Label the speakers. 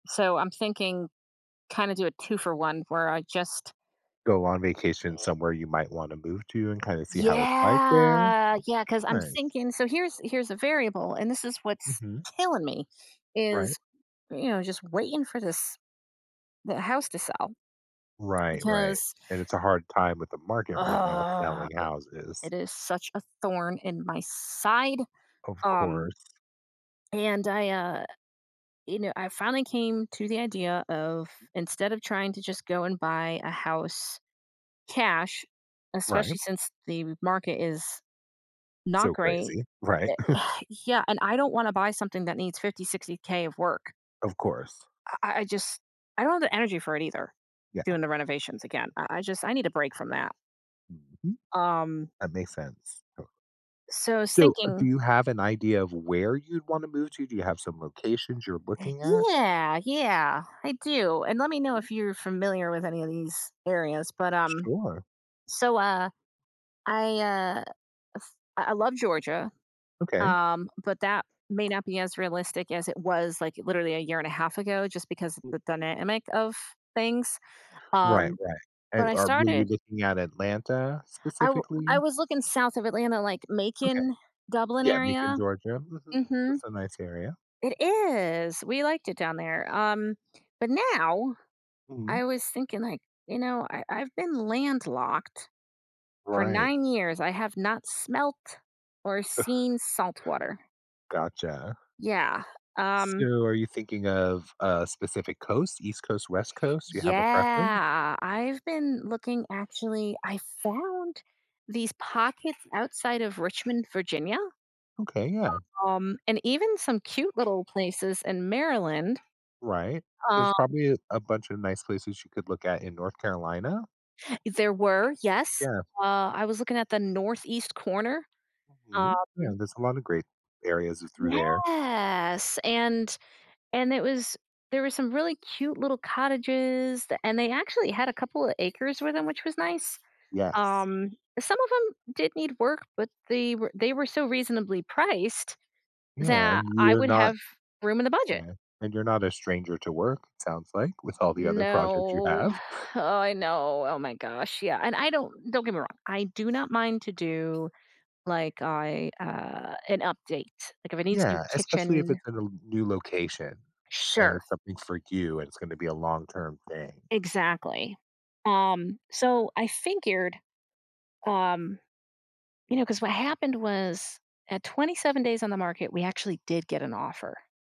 Speaker 1: So, I'm thinking kinda do a 2-for-1 where I just
Speaker 2: Go on vacation somewhere you might wanna move to and kinda see how it's like there?
Speaker 1: Yeah. Yeah, 'cause I'm just
Speaker 2: Nice.
Speaker 1: thinking so here's here's a variable, and this is what's
Speaker 2: Mhm.
Speaker 1: killing me,
Speaker 2: Right.
Speaker 1: is, you know, just waiting for this the house to sell,
Speaker 2: Right, right.
Speaker 1: because
Speaker 2: And it's a hard time with the market right now selling
Speaker 1: i
Speaker 2: houses.
Speaker 1: it is such a thorn in my side,
Speaker 2: Of
Speaker 1: um
Speaker 2: course.
Speaker 1: and I, uh you know, I finally came to the idea of, instead of trying to just go and buy a house cash,
Speaker 2: Right.
Speaker 1: especially since the market is not
Speaker 2: So
Speaker 1: great
Speaker 2: crazy. Right?
Speaker 1: eh yeah, and I don't wanna buy something that needs 50, 60K of work.
Speaker 2: Of course.
Speaker 1: I I I just I don't have the energy for it either,
Speaker 2: Yeah.
Speaker 1: doing the renovations again, I I just I need a break from that.
Speaker 2: Mhm.
Speaker 1: Um
Speaker 2: That makes sense.
Speaker 1: So I was
Speaker 2: So, do
Speaker 1: thinking
Speaker 2: you have an idea of where you'd wanna move to? Do you have some locations you're looking at?
Speaker 1: Yeah. Yeah, I do. And let me know
Speaker 2: Mhm.
Speaker 1: if you're familiar with any of these areas, but, um,
Speaker 2: Sure.
Speaker 1: so, uh, I, uh I I love Georgia,
Speaker 2: Okay.
Speaker 1: um, but that may not be as realistic as it was, like, literally a year and a half ago, just because the dynamic of things.
Speaker 2: Right,
Speaker 1: Um,
Speaker 2: right.
Speaker 1: but
Speaker 2: And
Speaker 1: I
Speaker 2: are were you
Speaker 1: started
Speaker 2: looking at Atlanta
Speaker 1: I w I
Speaker 2: specifically?
Speaker 1: was looking south of Atlanta, like,
Speaker 2: Okay.
Speaker 1: Macon, Dublin
Speaker 2: Yeah, Macon,
Speaker 1: area.
Speaker 2: Georgia, mhm.
Speaker 1: Mhm.
Speaker 2: That's a nice area.
Speaker 1: It is. We liked it down there. Um, but now,
Speaker 2: Mhm.
Speaker 1: I was thinking, like, you know, I I've been landlocked for
Speaker 2: Right.
Speaker 1: 9 years, I have not smelt or seen saltwater.
Speaker 2: Gotcha.
Speaker 1: Yeah,
Speaker 2: So,
Speaker 1: um
Speaker 2: are you thinking of a specific coast? East Coast, West Coast? Do you have a preference?
Speaker 1: Yeah, I've been looking, actually I found these pockets outside of Richmond, Virginia,
Speaker 2: Okay, yeah.
Speaker 1: um, and even some cute little places in Maryland.
Speaker 2: Right. There's
Speaker 1: Um
Speaker 2: probably a a bunch of nice places you could look at in North Carolina?
Speaker 1: There were, yes.
Speaker 2: Yeah.
Speaker 1: Uh, I was looking at the North East corner. Um
Speaker 2: Mhm. Yeah, there's a lot of great areas i through there.
Speaker 1: Yes, and and it was there were some really cute little cottages, th and they actually had a couple of acres with 'em, which was nice.
Speaker 2: Yes.
Speaker 1: Um, some of 'em did need work, but they were they were so reasonably priced
Speaker 2: Yeah,
Speaker 1: that
Speaker 2: and you
Speaker 1: I
Speaker 2: are
Speaker 1: would
Speaker 2: not
Speaker 1: have room in the budget.
Speaker 2: 'kay. And you're not a stranger to work, it sounds like, with all the other projects you
Speaker 1: No.
Speaker 2: have.
Speaker 1: Oh, I know. Oh my gosh, yeah. And I don't don't get me wrong. I do not mind to do like, I, uh an update. Like, if it needs new
Speaker 2: Yeah, especially if
Speaker 1: kitchen
Speaker 2: it's in a l new location, and
Speaker 1: Sure.
Speaker 2: it's something for you, and it's gonna be a long-term thing.
Speaker 1: Exactly. Um, so I figured, um you know, 'cause what happened was, at 27 days on the market, we actually did get an offer.